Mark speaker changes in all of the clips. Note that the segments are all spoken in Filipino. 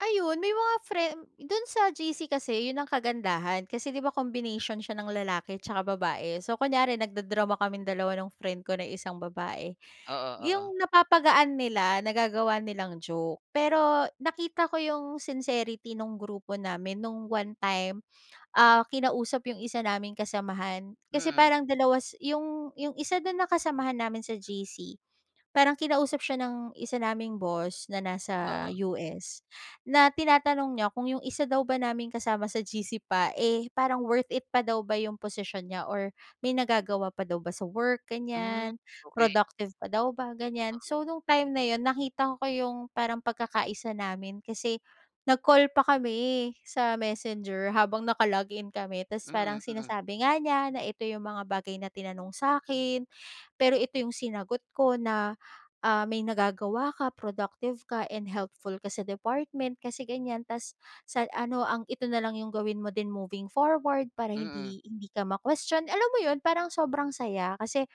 Speaker 1: Ayun, may mga friend do'n sa GC kasi 'yon ang kagandahan, kasi di ba, combination siya ng lalaki tsaka babae. So kunyari nagda-drama kaming dalawa nung friend ko na isang babae,
Speaker 2: Oo, oo.
Speaker 1: 'yong napapagaan nila, nagagawa nilang joke. Pero nakita ko 'yong sincerity no'ng grupo namin no'ng one time. Ah, kinausap 'yong isa naming kasamahan. Kasi
Speaker 2: Mm.
Speaker 1: parang dalawa si 'yong 'yong isa do'n na kasamahan namin sa GC, parang kinausap siya ng isa naming boss na nasa
Speaker 2: Oo.
Speaker 1: US na tinatanong niya kung, 'yong isa daw ba naming kasama sa GC pa, eh, parang worth it pa daw ba 'yong posisyon niya or may nagagawa pa daw ba sa work,
Speaker 2: Hmm,
Speaker 1: ganyan?
Speaker 2: okey.
Speaker 1: Productive pa daw ba ganyan? So no'ng time na 'yon, nakita ko 'yong parang pagkaka-isa namin kasi nag-call pa kami sa Messenger habang nakalog-in kami. Tapos
Speaker 2: Mm.
Speaker 1: parang
Speaker 2: Mm.
Speaker 1: sinasabi nga niya na, "Ito 'yong mga bagay na tinanong sa 'kin. Pero ito 'yong sinagot ko na, ah, may nagagawa ka, productive ka, and helpful ka sa department kasi ganyan. Tapos sa ano ang ito na lang 'yong gawin mo din moving forward para
Speaker 2: Mm.
Speaker 1: hindi hindi ka ma-question." Alam mo 'yon parang sobrang saya kasi,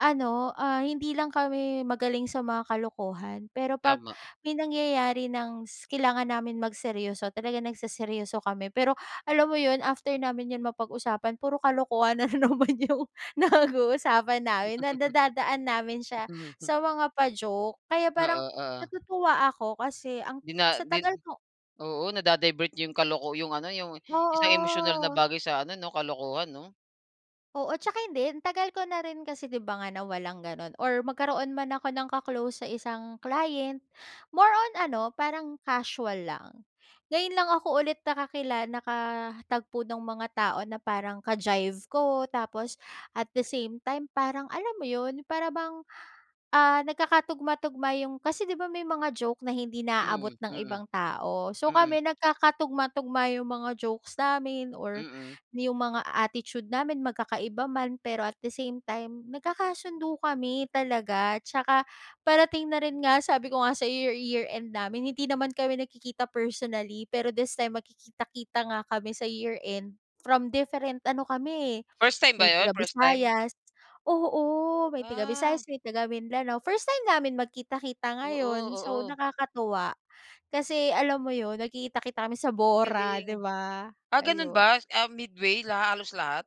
Speaker 1: ano, ah, hindi lang kami magaling sa mga kalokohan. Pero 'pag
Speaker 2: Tama.
Speaker 1: may nangyayari ng s kailangan namin magseryoso. Talagang nagseseryoso kami. Pero alam mo 'yon, after namin 'yon mapag-usapan, puro kalokohan na naman 'yong nag-uusapan namin, na nadadaan namin siya sa mga pa-joke. Kaya parang
Speaker 2: Oo, oo.
Speaker 1: natutuwa ako kasi ang
Speaker 2: 'Di na
Speaker 1: sa
Speaker 2: din
Speaker 1: tagal ko.
Speaker 2: oo, nada-divert 'yong kaloko 'yong ano, 'yong isang emosyonal na
Speaker 1: Oo.
Speaker 2: bagay sa ano, 'no, kalokohan, 'no?
Speaker 1: Oo, tsaka hindi tagal ko na rin kasi, di' ba, nga na walang gano'n or magkaroon man ako ng ka-close sa isang client, more on ano, parang casual lang. Ngayon lang ako ulit nakakila nakatagpo ng mga tao na parang ka-jive ko. Tapos at the same time, parang alam mo 'yon, para bang, ah, nagkakatugma-tugma 'yong kasi 'di ba, may mga joke na hindi naaabot
Speaker 2: Mm.
Speaker 1: ng
Speaker 2: Mm.
Speaker 1: ibang tao. So
Speaker 2: Mm.
Speaker 1: kami, nagkakatugma-tugma 'yong mga jokes namin or
Speaker 2: Mm.
Speaker 1: 'yong mga attitude namin. Magkakaiba man, pero at the same time, nagkakasundo kami talaga. Tsaka parating na rin nga sabi ko nga sa'yo, year year end namin, hindi naman kami nagkikita personally. Pero this time magkikita-kita nga kami sa year end from different ano kami, eh.
Speaker 2: First time ba
Speaker 1: May
Speaker 2: 'yon, first time?
Speaker 1: taga-Visayas oo, may
Speaker 2: Ah.
Speaker 1: taga-Visayas, may taga-Mindanao. First time namin magkita-kita
Speaker 2: Oo,
Speaker 1: ngayon. So
Speaker 2: oo.
Speaker 1: nakakatuwa kasi alam mo 'yon, nagkikita-kita kami sa Bora,
Speaker 2: Galing.
Speaker 1: 'di ba?
Speaker 2: Ah, gano'n
Speaker 1: Ayun.
Speaker 2: ba? Ah, midway la halos lahat.